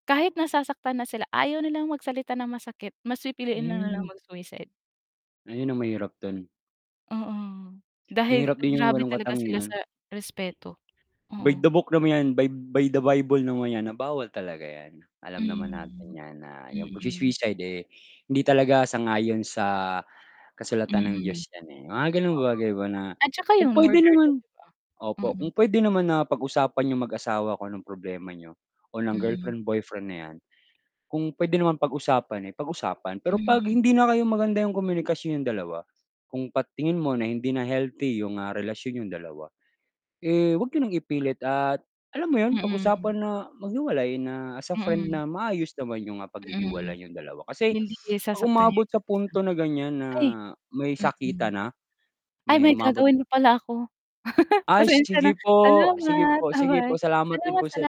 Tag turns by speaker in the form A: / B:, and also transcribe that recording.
A: Kahit nasasaktan na sila, ayaw nilang magsalita ng masakit, mas pipiliin lang nila
B: Hmm.
A: mag-suicide.
B: Ayun ang mahirap dun.
A: Oo. Dahil
B: Mahirap din yung
A: grabe
B: walang
A: talaga sila
B: katangian.
A: sa respeto.
B: By
A: Oo.
B: the book nam 'yan, by by the Bible naman 'yan na bawal talaga 'yan. Alam naman natin
A: Hmm.
B: 'yan na yung
A: Mm.
B: pagsu-suicide, eh, hindi talaga sang-ayon sa
A: Mm.
B: kasulatan ng
A: Oo.
B: Diyos 'yan, eh, mga gano'ng bagay ba, na
A: At tsaka
B: kung
A: yung
B: puwede
A: murder din,
B: naman
A: 'di ba?
B: opo,
A: Mm.
B: kung puwede naman na pag-usapan niyong mag-asawa kung anong problema niyo o ng
A: Mm.
B: girlfriend, boyfriend na 'yan. Kung puwede namang pag-usapan, eh, pag-usapan pero 'pag
A: Mm.
B: hindi na kayo maganda yung komunikasyon niyong dalawa, kung pat tingin mo na hindi na healthy yung, ah, relasyon niyong dalawa, eh, 'wag niyo nang ipilit at alam mo 'yon,
A: Mm.
B: pag-usapan na maghiwalay na as a friend
A: Mm.
B: na maayos naman yung, ah, paghihiwalay
A: Mm.
B: niyong dalawa, kasi
A: Hindi
B: 'pag
A: sasaktan yung
B: umabot sa
A: isa't isa.
B: punto na ganiyan, na
A: Ay,
B: may
A: mm.
B: sakitan na,
A: Ay,
B: may
A: may
B: umabot
A: gagawin pa pala ako.
B: Ay,
A: Pasensiya na.
B: sige po, sige
A: Salamat,
B: po, sige po.
A: ba-bye.
B: Salamat din
A: Salamat,
B: po
A: sala
B: sa'yo.